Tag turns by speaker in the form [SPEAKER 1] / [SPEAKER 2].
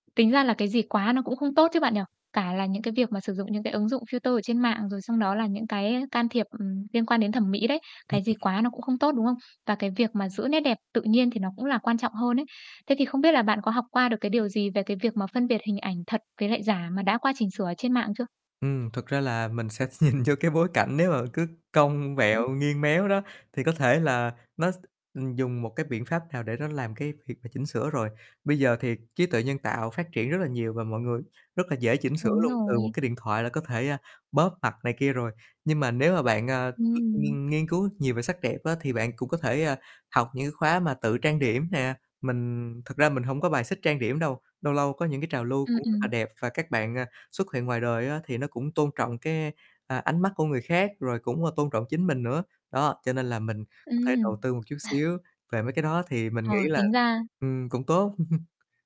[SPEAKER 1] Tính ra là cái gì quá nó cũng không tốt chứ bạn nhỉ. Cả là những cái việc mà sử dụng những cái ứng dụng filter ở trên mạng, rồi xong đó là những cái can thiệp, ừm, liên quan đến thẩm mỹ đấy.
[SPEAKER 2] Ừm,
[SPEAKER 1] Cái gì
[SPEAKER 2] ừm.
[SPEAKER 1] quá nó cũng không tốt, đúng không? Và cái việc mà giữ nét đẹp tự nhiên thì nó cũng là quan trọng hơn đấy. Thế thì không biết là bạn có học qua được cái điều gì về cái việc mà phân biệt hình ảnh thật với lại giả mà đã qua chỉnh sửa ở trên mạng chưa?
[SPEAKER 2] Ừm, thực ra là mình sẽ nhìn vô cái bối cảnh, nếu mà cứ cong
[SPEAKER 1] Ừm.
[SPEAKER 2] vẹo nghiêng méo đó thì có thể là nó s ừm, dùng một cái biện pháp nào để nó làm cái việc mà chỉnh sửa rồi. Bây giờ thì trí tuệ nhân tạo phát triển rất là nhiều và mọi người rất là dễ chỉnh sửa
[SPEAKER 1] Đúng
[SPEAKER 2] luôn, từ một
[SPEAKER 1] rồi.
[SPEAKER 2] cái điện thoại là có thể, a, bóp mặt này kia rồi. Nhưng mà nếu mà bạn, ờ,
[SPEAKER 1] Ừm.
[SPEAKER 2] nghiên nghiên cứu nhiều về sắc đẹp á, thì bạn cũng có thể, ờ, học những cái khóa mà tự trang điểm nè, mình thật ra mình hổng có bài xích trang điểm đâu, lâu lâu có những cái trào lưu
[SPEAKER 1] Ừm,
[SPEAKER 2] cũng rất là
[SPEAKER 1] ừm.
[SPEAKER 2] đẹp và các bạn, à, xuất hiện ngoài đời á thì nó cũng tôn trọng cái, ơ, ánh mắt của người khác rồi cũng, ơ, tôn trọng chính mình nữa. Đó, cho nên là mình có thể đầu
[SPEAKER 1] Ừm.
[SPEAKER 2] tư một chút xíu về mấy cái đó, thì mình nghĩ
[SPEAKER 1] Ờ,
[SPEAKER 2] là,
[SPEAKER 1] tính ra
[SPEAKER 2] ừm, cũng tốt.